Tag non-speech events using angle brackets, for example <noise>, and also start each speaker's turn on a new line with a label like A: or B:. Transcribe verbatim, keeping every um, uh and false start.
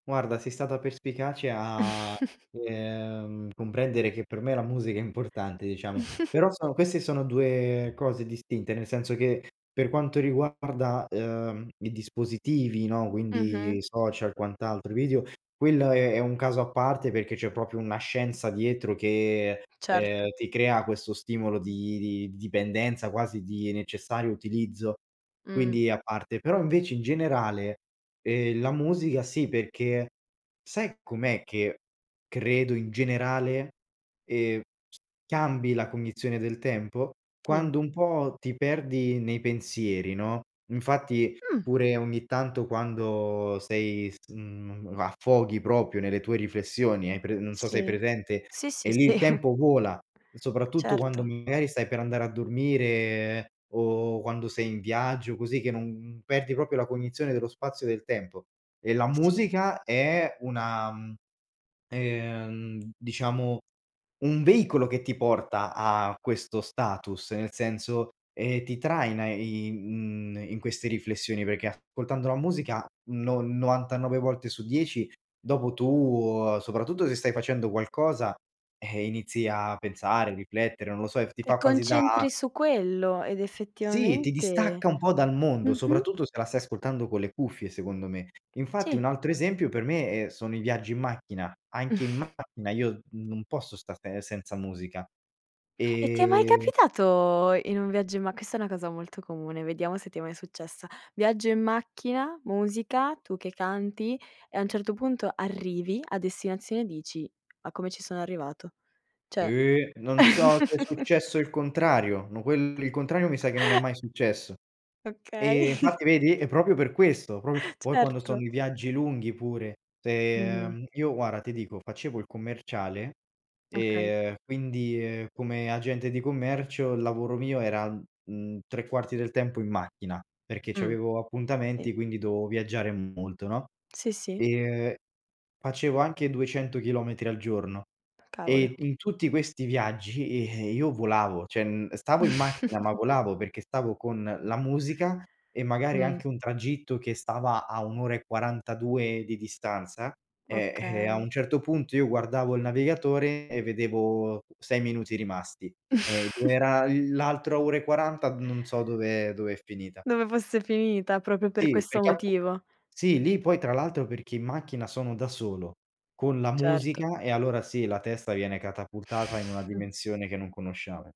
A: Guarda, sei stata perspicace a,
B: <chuckles>
A: ehm, comprendere che per me la musica è importante diciamo.
B: <giggles>
A: Però sono queste sono due cose distinte, nel senso che, per quanto riguarda, uhm, i dispositivi, no, quindi,
B: Mh-mh.
A: social quant'altro e video, quello è è un caso a parte perché c'è propio una scienza dietro che,
B: Certo.
A: ehm, ti crea questo stimolo di di dipendenza quasi di necessario utilizzo,
B: Mh.
A: quindi a parte. Però invece, in generale, uhm, la musica sì, perché, sai com'è che credo in generale, ehm, cambi la cognizione del tempo?
B: Dim
A: Quando un po' ti perdi nei pensieri, no, infatti,
B: Mh.
A: pure ogni tanto quando sei, mhmm, a affoghi propio nelle tue riflessioni, hai pre non so hai
B: Sì,
A: presente,
B: sì,
A: e
B: sì, sì.
A: lì il
B: <chuckles>
A: tempo vola, soprattutto quando
B: Certo.
A: magari stai per andare a dormire, o quando sei in viaggio, così che non perdi propio la cognizione dello spazio, del tempo. E la
B: Sì.
A: musica è una uhm, diciamo, un veicolo che ti porta a questo status, nel senso, eh, ti traina in, mhmm, in queste riflessioni, perché ascoltando la musica, no novantanove volte su dieci dopo tu soprattutto se stai facendo qualcosa, ehm, inizi a pensare, riflettere, non lo so, ti
B: Ti
A: fa quasi da
B: concentri su quello, ed
A: Sì, ti
B: effettivamente
A: distacca un po' dal mondo,
B: mh-mh.
A: soprattutto se la stai ascoltando con le cuffie secondo me. Infatti un
B: Sì.
A: altro esempio per me, eh, sono i viaggi in macchina, anche in
B: <chuckles>
A: macchina io non posso stare senza musica,
B: E ti è mai
A: ehm
B: capitato, in un viaggio in ma questa è una cosa molto comune, vediamo se ti è mai successa. Viaggio in macchina, musica, tu che canti e a un certo punto arrivi a destinazione e dici: "Ma come ci sono arrivato?" ceh.
A: Eh, non so, se è
B: <laughs>
A: successo il contrario, ma quel il contrario mi sa che non è
B: <chuckles>
A: mai successo.
B: Okay.
A: Eh,
B: <chuckles>
A: infatti vedi? E propio per questo, propio poi quando sto
B: Certo.
A: nei viaggi lunghi pure,
B: Mh-mh.
A: uhm, io guarda ti dico, facevo il commerciale,
B: Okay.
A: uhm, quindi, uhm, come agente di commercio il lavoro mio era, mhmm, tre quarti del tempo in macchina, perché
B: Mh,
A: c'avevo
B: si.
A: appuntamenti, quindi dovevo viaggiare molto, no,
B: Sì, sì.
A: ehm, facevo anche duecento chilometri al giorno
B: Cavolo.
A: e in tutti questi viaggi, uhm, io volavo, ceh stavo in macchina, ma
B: <snorts>
A: volavo perché stavo con la musica e magari
B: Mh.
A: anche un tragitto che stava a un ora e quarantadue di distanza, eh-eh a
B: Okay.
A: un certo punto io guardavo il navigatore e vedevo sei minuti rimasti.
B: <snorts>
A: Era l'altra ora e quaranta non so dove dove è finita.
B: Dove fosse finita propio per
A: Sì,
B: questo
A: perché appu
B: motivo.
A: sì, lì poi tra l'altro, perché in macchina sono da solo, con la
B: Certo.
A: musica e allora sì, la testa viene catapultata in una
B: <snorts>
A: dimensione che non conosciamo.